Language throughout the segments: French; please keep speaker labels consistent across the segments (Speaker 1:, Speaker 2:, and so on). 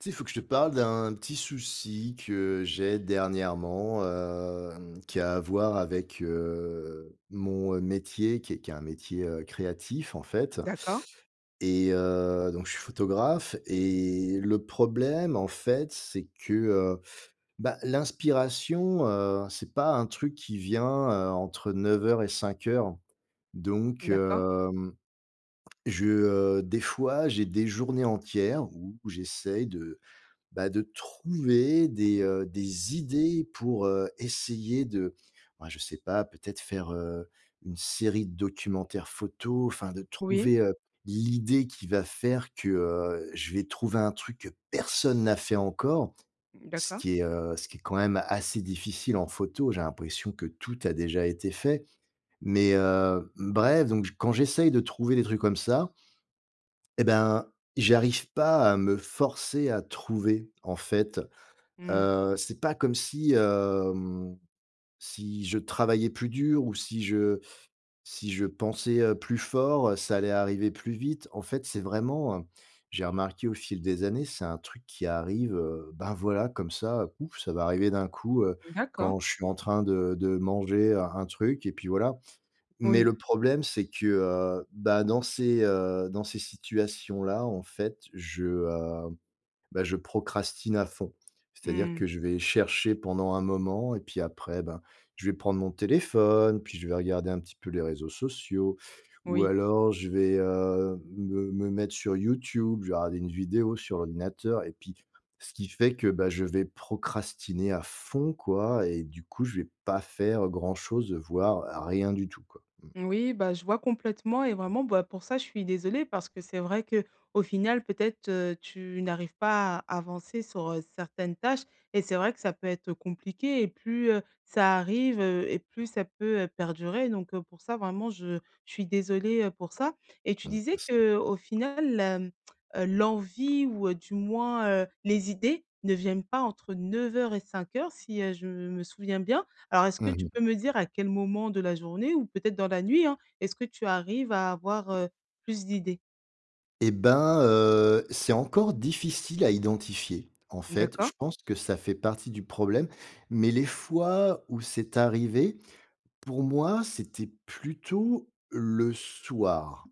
Speaker 1: Tu sais, il faut que je te parle d'un petit souci que j'ai dernièrement, hem, qui a à voir avec, heu, mon, heu, métier, qui est qui est un métier, heu, créatif en fait
Speaker 2: D'accord.
Speaker 1: et heu, donc je suis photographe et le problème en fait c'est que, heu, bah, l'inspiration, heu, c'est pas un truc qui vient, heu, entre 9:00 et 17:00 donc
Speaker 2: D'accord.
Speaker 1: hem, je heu, des fois j'ai des journées entières où j'essaye de bah, de trouver des, heu, des idées pour, heu, essayer de, bah, je sais pas peut-être faire, heu, une série de documentaires photo, enfin de
Speaker 2: Oui.
Speaker 1: trouver, heu, l'idée qui va faire que, heu, je vais trouver un truc que personne n'a fait encore.
Speaker 2: Mmh,
Speaker 1: Ce
Speaker 2: d'accord.
Speaker 1: qui est, heu, ce qui est quand même assez difficile en photo, j'ai l'impression que tout a déjà été fait mais heu, bref, donc j quand j'essaye de trouver des trucs comme ça et ben, j'y arrive pas à me forcer à trouver, en fait.
Speaker 2: Mmh.
Speaker 1: Heu, c'est pas comme si, hem, si je travaillais plus dur ou si je si je pensais, heu, plus fort, ça allait arriver plus vite. En fait, c'est vraiment, heu, j'ai remarqué au fil des années, c'est un truc qui arrive, heu, ben voilà comme ça, pouf ça va arriver d'un coup, heu,
Speaker 2: D'accord.
Speaker 1: quand je suis en train de de manger un un truc et puis voilà, mais
Speaker 2: Oui.
Speaker 1: le problème c'est que, heu, bah, dans ces, heu dans ces situations-là en fait je, hem bah, je procrastine à fond. C'est-à-dire
Speaker 2: Mmh.
Speaker 1: que je vais chercher pendant un moment et puis après, ben, je vais prendre mon téléphone, puis je vais regarder un petit peu les réseaux sociaux, ou
Speaker 2: Oui.
Speaker 1: alors je vais, heu, me me mettre sur YouTube, je vais regarder une vidéo sur ordinateur et puis ce qui fait que, bah, je vais procrastiner à fond quoi et du coup je vais pas faire grand chose, heu, voire rien du tout, quoi, mmh.
Speaker 2: Oui, bah, je vois complètement et vraiment, bah, pour ça je suis désolée parce que c'est vrai qu'au final peut-être, heu, tu n'arrives pas à avancer sur, heu, certaines tâches et c'est vrai que ça peut être compliqué et plus, heu, ça arrive, heu, et plus ça peut, heu, perdurer donc heu, pour ça vraiment je je suis désolée, heu, pour ça et tu
Speaker 1: Mmh,
Speaker 2: disais
Speaker 1: merci.
Speaker 2: qu'au final, hem, heu, l'envie ou heu, du moins, heu, les idées ne viennent pas entre 9:00 et 17:00 si, heu, je me souviens bien. Alors est-ce que
Speaker 1: Mmh
Speaker 2: tu peux
Speaker 1: mh.
Speaker 2: me dire à quel moment de la journée ou peut-être dans la nuit, hein, est-ce que tu arrives à avoir, heu, plus d'idées?
Speaker 1: Eh ben, heu, c'est encore difficile à identifier. En fait, je
Speaker 2: D'accord.
Speaker 1: pense que ça fait partie du problème, mais les fois où c'est arrivé, pour moi, c'était plutôt le soir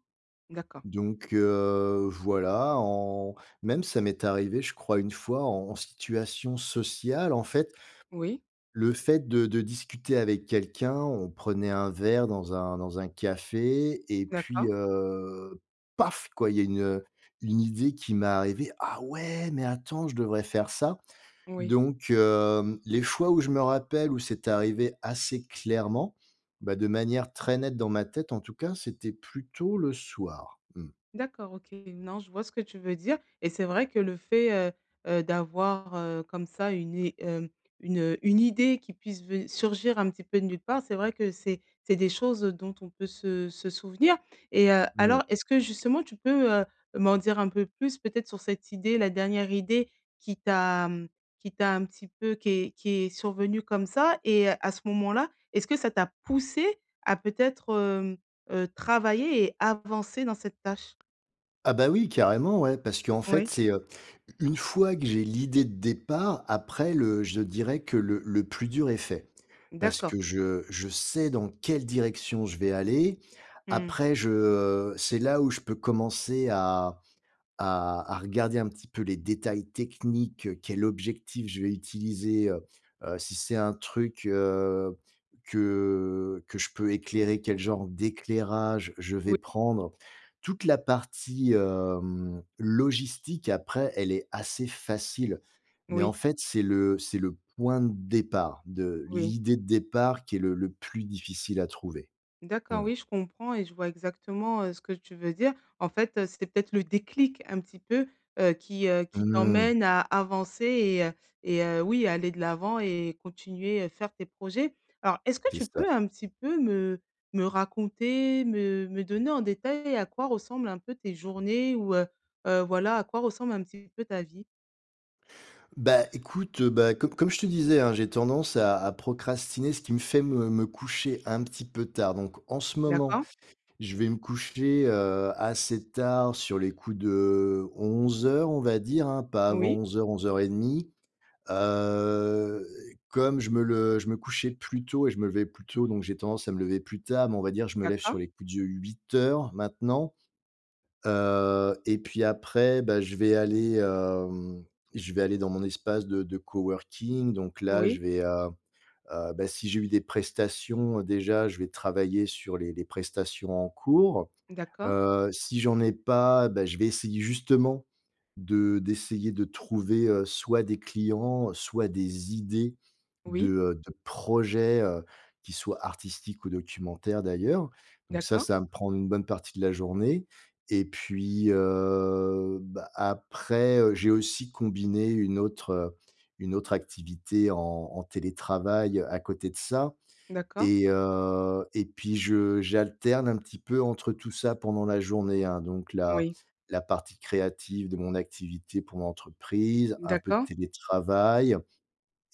Speaker 2: D'accord.
Speaker 1: donc heu, voilà, en même, ça m'est arrivé, je crois, une fois en situation sociale. En fait
Speaker 2: Oui.
Speaker 1: le fait de de discuter avec quelqu'un, on prenait un verre dans un dans un café et puis,
Speaker 2: D'accord.
Speaker 1: heu, paf, quoi, il y a une, heu, une idée qui m'est arrivée: «Ah ouais, mais attends, je devrais faire ça»,
Speaker 2: Oui.
Speaker 1: donc hem, les fois où je me rappelle où c'est arrivé assez clairement, bah, de manière très nette dans ma tête, en tout cas, c'était plutôt le soir. Mmh.
Speaker 2: D'accord, OK. Non, je vois ce que tu veux dire et c'est vrai que le fait, heu heu, d'avoir, heu, comme ça une i hem, une, heu une idée qui puisse ven surgir un petit peu de nulle part, c'est vrai que c'est c'est des choses, heu, dont on peut se se souvenir et heu,
Speaker 1: Oui.
Speaker 2: alors, est-ce que, justement, tu peux, heu, m'en dire un peu plus, peut-être, sur cette idée, la dernière idée qui t'a, mmh qui t'a un petit peu qui est qui est survenue comme ça? Et heu, à ce moment-là, est-ce que ça t'a poussé à, peut-être, hem, heu, travailler et avancer dans cette tâche?
Speaker 1: Ah, bah, oui, carrément, ouais, parce qu'en fait,
Speaker 2: Ouais.
Speaker 1: c'est, heu, u une fois que j'ai l'idée de départ, après, le je dirais que le le plus dur est fait. Parce
Speaker 2: D'accord.
Speaker 1: que je je sais dans quelle direction, je vais aller.
Speaker 2: Mmh.
Speaker 1: Après, je, heu c'est là où je peux commencer à à à regarder, un petit peu, les détails techniques: quel objectif je vais utiliser, heu heu, si c'est un truc, heu, que que je peux éclairer, quel genre d'éclairage, je vais
Speaker 2: Oui.
Speaker 1: prendre. Toute la partie, hem, logistique après, elle est assez facile, mais
Speaker 2: Oui.
Speaker 1: en fait, c'est le c'est le point de départ, de
Speaker 2: Oui.
Speaker 1: l'idée de départ, qui est le le plus difficile à trouver. Mmh.
Speaker 2: D'accord, oui, je comprends et je vois exactement, heu, ce que tu veux dire. En fait, heu, c'était peut-être le déclic, un petit peu, heu, qui, heu, qui
Speaker 1: Mmh.
Speaker 2: t'emmène à avancer et heu, et heu, oui, aller de l'avant et continuer, heu, faire tes projets. Alors, est-ce que
Speaker 1: C'est
Speaker 2: tu
Speaker 1: ça.
Speaker 2: peux un petit peu me me raconter, me me donner, en détail, à quoi ressemblent un peu tes journées ou heu heu, voilà, à quoi ressemble un petit peu ta vie?
Speaker 1: Bah, écoute, heu, bah com comme je te disais hein, j'ai tendance à à procrastiner ce qui me fait me me coucher un petit peu tard. Donc en ce moment,
Speaker 2: D'accord.
Speaker 1: je vais me coucher, heu, assez tard, sur les coups de 11:00 on va dire hein, pas avant
Speaker 2: Oui.
Speaker 1: 11:00-11:30. Heu, comme je me le je me couchais plus tôt et je me levais plus tôt, donc j'ai tendance à me lever plus tard, mais on va dire, je me lève sur
Speaker 2: D'accord.
Speaker 1: les coups de 8:00 maintenant, heu, et puis après, bah, je vais aller, hem, je vais aller dans mon espace de de coworking donc là,
Speaker 2: Oui.
Speaker 1: je vais, heu, heu, beh, si j'ai eu des prestations, déjà je vais travailler sur les les prestations en cours.
Speaker 2: D'accord.
Speaker 1: Heu, si j'en ai pas, beh, je vais essayer justement de d'essayer de trouver, heu, soit des clients, soit des idées de,
Speaker 2: Oui.
Speaker 1: heu, de projets, heu, qui soient artistiques ou documentaires d'ailleurs donc ça,
Speaker 2: D'accord.
Speaker 1: ça va me prendre une bonne partie de la journée et puis, heu, bah, après, heu, j'ai aussi combiné une autre une autre activité en en télétravail à côté de ça
Speaker 2: D'accord.
Speaker 1: et heu, et puis je j'alterne un petit peu entre tout ça pendant la journée hein, donc la
Speaker 2: Oui.
Speaker 1: la partie créative de mon activité pour l'entreprise, un peu de
Speaker 2: D'accord.
Speaker 1: télétravail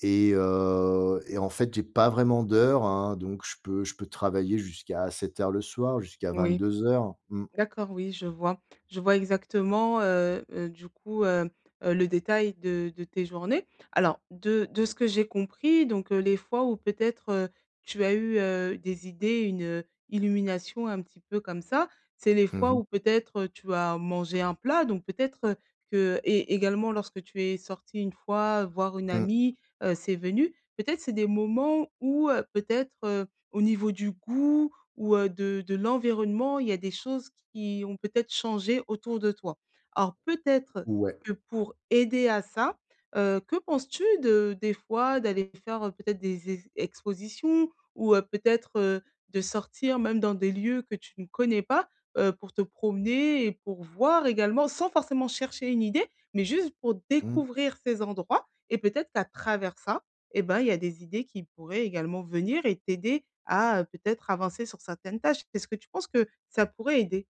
Speaker 1: et heu, et en fait j'ai pas vraiment d'heures hein, donc je peux je peux travailler jusqu'à assez tard le soir, jusqu'à
Speaker 2: Oui.
Speaker 1: 22:00. Mmh.
Speaker 2: D'accord, oui je vois, je vois exactement, heu, heu, du coup, hem, heu, le détail de de tes journées. Alors de de ce que j'ai compris donc heu, les fois où peut-être, heu, tu as eu, heu, des idées, une, heu, illumination, un petit peu comme ça. C'est les
Speaker 1: Mmh
Speaker 2: fois
Speaker 1: mh.
Speaker 2: où peut-être, heu, tu as mangé un plat donc peut-être que et également lorsque tu es sorti une fois voir une
Speaker 1: Mmh.
Speaker 2: amie, heu, c'est venu. Peut-être c'est des moments où heu, peut-être, heu, au niveau du goût ou heu, de de l'environnement il y a des choses qui ont peut-être changé autour de toi. Alors peut-être
Speaker 1: Ouais.
Speaker 2: que pour aider à ça, heu, que penses-tu de des fois d'aller faire, heu, peut-être des e expositions ou heu, peut-être, heu, de sortir même dans des lieux que tu ne connais pas? Heu, pour te promener et pour voir également sans forcément chercher une idée, mais juste pour
Speaker 1: Mmh.
Speaker 2: découvrir ces endroits et peut-être qu'à travers ça, eh bah, il y a des idées qui pourraient également venir et t'aider à, heu, peut-être avancer sur certaines tâches. Est-ce que tu penses que ça pourrait aider?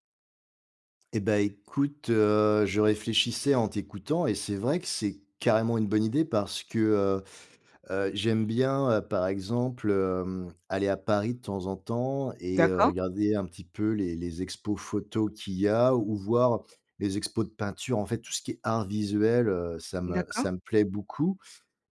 Speaker 1: Et bah, écoute, heu, je réfléchissais en t'écoutant et c'est vrai que, c'est carrément une bonne idée parce que, heu, heu, j'aime bien, heu, par exemple, hem, aller à Paris de temps en temps et heu,
Speaker 2: D'accord.
Speaker 1: regarder un petit peu les les expos photo qu'il y a ou voir les expos de peinture. En fait tout ce qui est art visuel, heu, ça me
Speaker 2: D'accord.
Speaker 1: ça me plaît beaucoup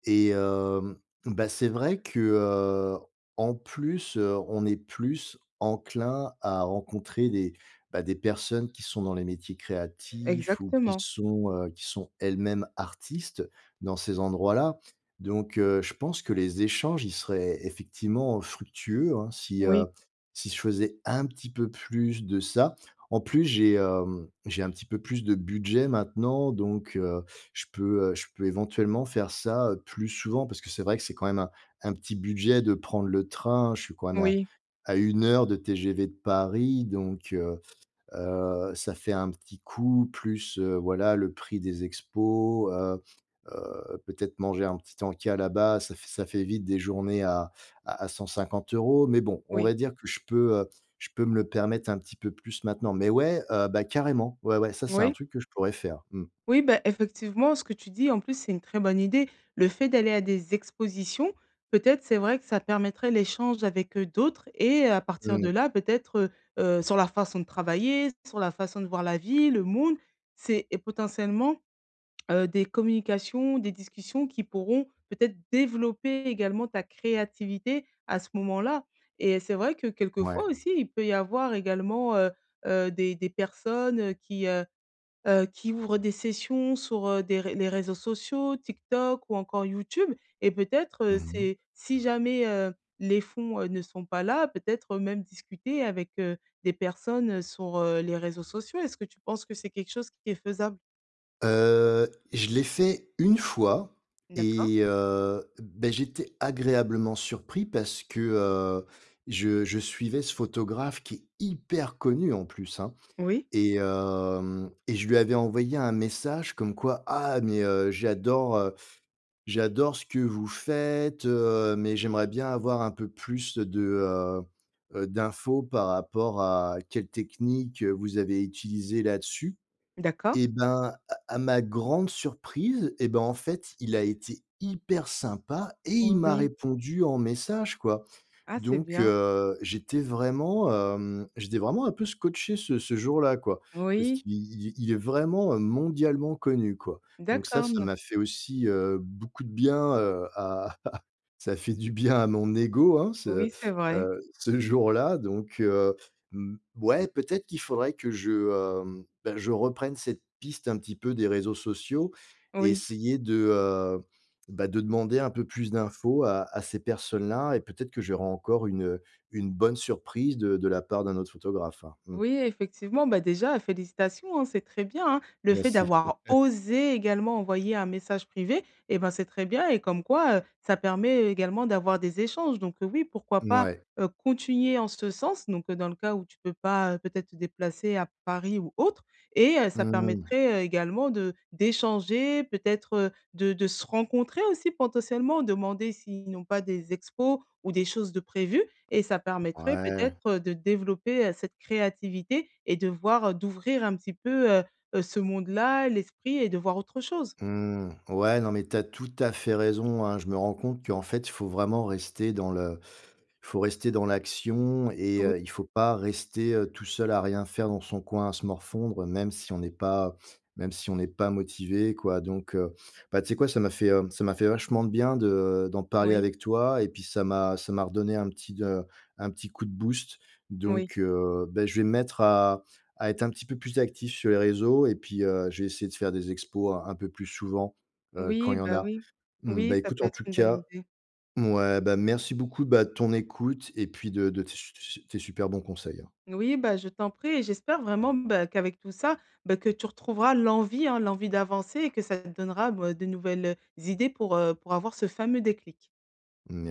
Speaker 1: et hem, bah, c'est vrai que, heu, en plus, heu, on est plus enclin à rencontrer des, bah, des personnes qui sont dans les métiers créatifs ou qui
Speaker 2: Exactement.
Speaker 1: sont, heu, qui sont elles-mêmes artistes dans ces endroits-là donc heu, je pense que les échanges, ils seraient effectivement fructueux, hein si, heu,
Speaker 2: Oui.
Speaker 1: si je faisais un petit peu plus de ça. En plus, j'ai, hem, j'ai un petit peu plus de budget maintenant, donc heu, je peux, heu, je peux éventuellement faire ça, heu, plus souvent parce que c'est vrai que c'est quand même un un petit budget de prendre le train. Je suis quand même à
Speaker 2: Oui.
Speaker 1: à 1 heure de TGV de Paris, donc heu, heu, ça fait un petit coût plus, heu, voilà le prix des expos, heu, heu, peut-être manger un petit encas là-bas. Ça f ça fait vite des journées à à à 150 €. Mais bon, on
Speaker 2: Oui.
Speaker 1: va dire que je peux, heu, je peux me le permettre un petit peu plus maintenant. Mais ouais, heu, bah, carrément ouais, ouais. Ça, c'est un
Speaker 2: Moui.
Speaker 1: truc que je pourrais faire, mmh.
Speaker 2: Oui, bah, effectivement ce que tu dis en plus, c'est une très bonne idée. Le fait d'aller à des expositions, peut-être c'est vrai que ça permettrait l'échange avec, heu, d'autres et à partir de
Speaker 1: Mmh.
Speaker 2: là peut-être, heu, heu, sur leur façon de travailler, sur la façon de voir la vie, le mood, c'est est potentiellement, heu, des communications, des discussions qui pourront peut-être développer également ta créativité à ce moment-là et c'est vrai que quelquefois
Speaker 1: Ouais.
Speaker 2: aussi il peut y avoir également, heu, heu, des des personnes qui, heu, heu, qui ouvrent des sessions sur, heu, des ré les réseaux sociaux TikTok ou encore YouTube et peut-être, heu,
Speaker 1: Mmh mh.
Speaker 2: c'est, si jamais, heu, les fonds, heu, ne sont pas là peut-être même discuter avec, heu, des personnes, heu, sur, heu, les réseaux sociaux. Est-ce que tu penses que c'est quelque chose qui est faisable?
Speaker 1: Heu, je l'ai fait 1 fois
Speaker 2: D'accord.
Speaker 1: et heu, beh, j'étais agréablement surpris parce que, heu, je je suivais ce photographe qui est hyper connu en plus hein,
Speaker 2: Oui.
Speaker 1: et hem, et je lui avais envoyé un message comme quoi «Ah mais, heu, j'adore, heu, j'adore ce que vous faites, heu, mais j'aimerais bien avoir un peu plus de, heu, heu, d'infos par rapport à quelle technique, heu, vous avez utilisée là dessus».
Speaker 2: D'accord.
Speaker 1: Et ben, à à ma grande surprise, et ben, en fait il a été hyper sympa et
Speaker 2: Oui,
Speaker 1: il m'a
Speaker 2: oui.
Speaker 1: répondu en message quoi
Speaker 2: Ah, c'est
Speaker 1: donc
Speaker 2: bien.
Speaker 1: heu, j'étais vraiment, hem, j'étais vraiment un peu scotché ce ce jour-là quoi parce
Speaker 2: Oui.
Speaker 1: qu'il il il est vraiment, heu, mondialement connu quoi donc ça
Speaker 2: D'accord,
Speaker 1: ça
Speaker 2: n
Speaker 1: m'a fait aussi, heu, beaucoup de bien, heu, à ça fait du bien à mon ego hein. Ce,
Speaker 2: Oui, c'est vrai.
Speaker 1: heu, ce jour-là donc heu, mmh, ouais, peut-être qu'il faudrait que je, hem, bah, je reprenne cette piste un petit peu des réseaux sociaux et
Speaker 2: Oui.
Speaker 1: essayer de, heu, bah, de demander un peu plus d'infos à à ces personnes là et peut-être que j'aurai encore une, heu, une bonne surprise de de la part d'un autre photographe hein, mmh.
Speaker 2: Oui effectivement. Bah déjà félicitations, hein, c'est très bien hein. Le fait
Speaker 1: Merci.
Speaker 2: d'avoir osé également envoyer un message privé et ben, c'est très bien et comme quoi, heu, ça permet également d'avoir des échanges donc heu, oui pourquoi pas,
Speaker 1: Mouais.
Speaker 2: heu, continuer en ce sens, donc heu, dans le cas où tu peux pas, heu, peut-être te déplacer à Paris ou autre et heu, ça
Speaker 1: Mmh.
Speaker 2: permettrait également de d'échanger peut-être de de se rencontrer aussi potentiellement. Demander s'ils n'ont pas des expos ou des choses de prévues et ça permettrait
Speaker 1: Ouais.
Speaker 2: peut-être de développer, heu, cette créativité et de voir, heu d'ouvrir un petit peu, heu, heu, ce monde-là, l'esprit et de voir autre chose.
Speaker 1: Mmh. Ouais, non mais tu as tout à fait raison, hein. Je me rends compte qu'en fait il faut vraiment rester dans le il faut rester dans l'action et
Speaker 2: Oui.
Speaker 1: heu, il faut pas rester, heu, tout seul à rien faire dans son coin à se morfondre même si on n'est pas même si on n'est pas motivé quoi donc heu, bah, tu sais quoi? Ça m'a fait, heu, ça m'a fait vachement de bien, de d'en parler
Speaker 2: Oui.
Speaker 1: avec toi et puis ça m'a ça m'a redonné un petit de un petit coup de boost
Speaker 2: Oui.
Speaker 1: donc heu, bah, je vais me mettre à à être un petit peu plus actif sur les réseaux et puis, heu, je vais essayer de faire des expos un un peu plus souvent, heu, quand
Speaker 2: Oui,
Speaker 1: il y en
Speaker 2: bah
Speaker 1: a.
Speaker 2: oui.
Speaker 1: Mmh, bah,
Speaker 2: Oui, ça
Speaker 1: écoute
Speaker 2: peut
Speaker 1: en
Speaker 2: être
Speaker 1: tout
Speaker 2: une bonne
Speaker 1: cas
Speaker 2: idée.
Speaker 1: mouais, bah, merci beaucoup, bah, de ton écoute et puis de de tes su su tes super bons conseils, hein.
Speaker 2: Moui, bah, je t'en prie et j'espère vraiment, bah, qu'avec tout ça, bah, que tu retrouveras l'envie hein, l'envie d'avancer et que ça te donnera, me de nouvelles idées pour, heu, pour avoir ce fameux déclic.
Speaker 1: Merc